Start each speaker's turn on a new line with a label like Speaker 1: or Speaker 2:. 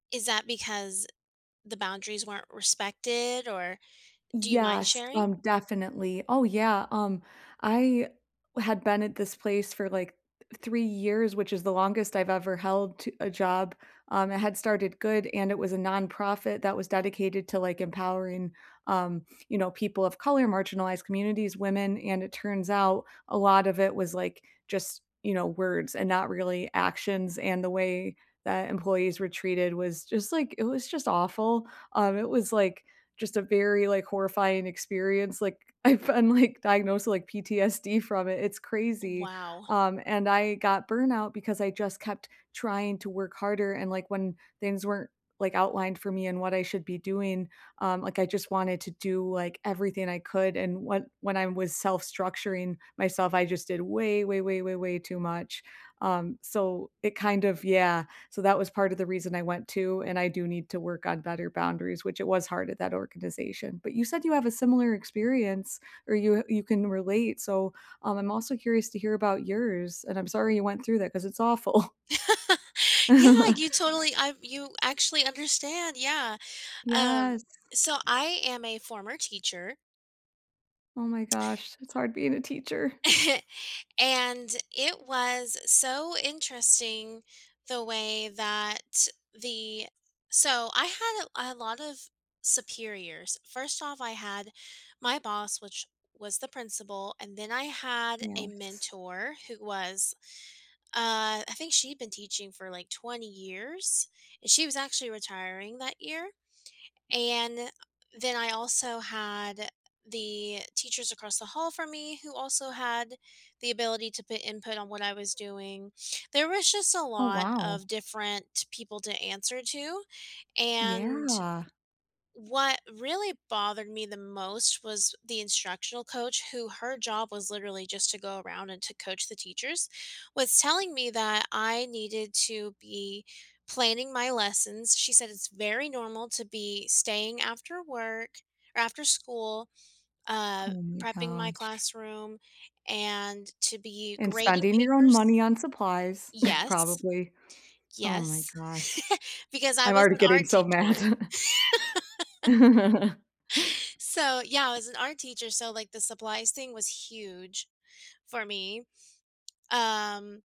Speaker 1: Is that because the boundaries weren't respected or do you mind
Speaker 2: Yes,
Speaker 1: sharing?
Speaker 2: um, definitely. Oh, yeah, um, I had been at this place for like 3 years, which is the longest I've ever held t a job. Um, it had started good and it was a nonprofit that was dedicated to, like, empowering, um, you know, people of color, marginalized communities, women, and it turns out a lot of it was, like, just, you know, words and not really actions, and the way that employees were treated was just like, it was just awful. Um, it was, like, just a very, like, horrifying experience, like, I've been, like, diagnosed with, like, PTSD from it; it's
Speaker 1: Uh,
Speaker 2: crazy.
Speaker 1: wow.
Speaker 2: Um, and I got burnout because I just kept trying to work harder. And, like, when things weren't, like, outlined for me and what I should be doing, um, like, I just wanted to do, like, everything I could. And when when I was self-structuring myself, I just did way, way, way, way, way too much. Um, so it kind of yeah. So that was part of the reason I went too, and I do need to work on better boundaries which it was hard at that organization. But you said you have a similar experience or you, uh, you can relate. So, um, I'm also curious to hear about yours, and I'm sorry you went through that 'cause it's awful.
Speaker 1: Yeah, you totally I've you actually understand, yeah. Um,
Speaker 2: Yes.
Speaker 1: so I am a former teacher
Speaker 2: Oh my gosh, it's hard being a teacher.
Speaker 1: and it was so interesting the way that the so I had a a lot of superiors. First off, I had my boss, which was the principal, and then I had a
Speaker 2: Yes.
Speaker 1: mentor who was uh, I think she'd been teaching for, like, 20 years, and she was actually retiring that year. And then I also had the teachers across the hall from me who also had the ability to put input on what I was doing. There was just a
Speaker 2: Oh,
Speaker 1: lot
Speaker 2: wow.
Speaker 1: of different people to answer to. And
Speaker 2: Yeah.
Speaker 1: what really bothered me the most was the instructional coach, who- her job was literally just to go around and to coach the teachers- was telling me that I needed to be planning my lessons. She said it's very normal to be staying after work or after school, uh,
Speaker 2: Oh my
Speaker 1: prepping my
Speaker 2: gosh.
Speaker 1: classroom, and to be
Speaker 2: And
Speaker 1: grading
Speaker 2: spending your own
Speaker 1: papers.
Speaker 2: money on supplies,
Speaker 1: Yes.
Speaker 2: probably. Oh my
Speaker 1: Yes,
Speaker 2: gosh.
Speaker 1: because I
Speaker 2: I'm
Speaker 1: was
Speaker 2: already
Speaker 1: an
Speaker 2: getting
Speaker 1: art
Speaker 2: so mad.
Speaker 1: teacher. So, yeah, I was an art teacher, so, like, the supplies thing was huge for me. Um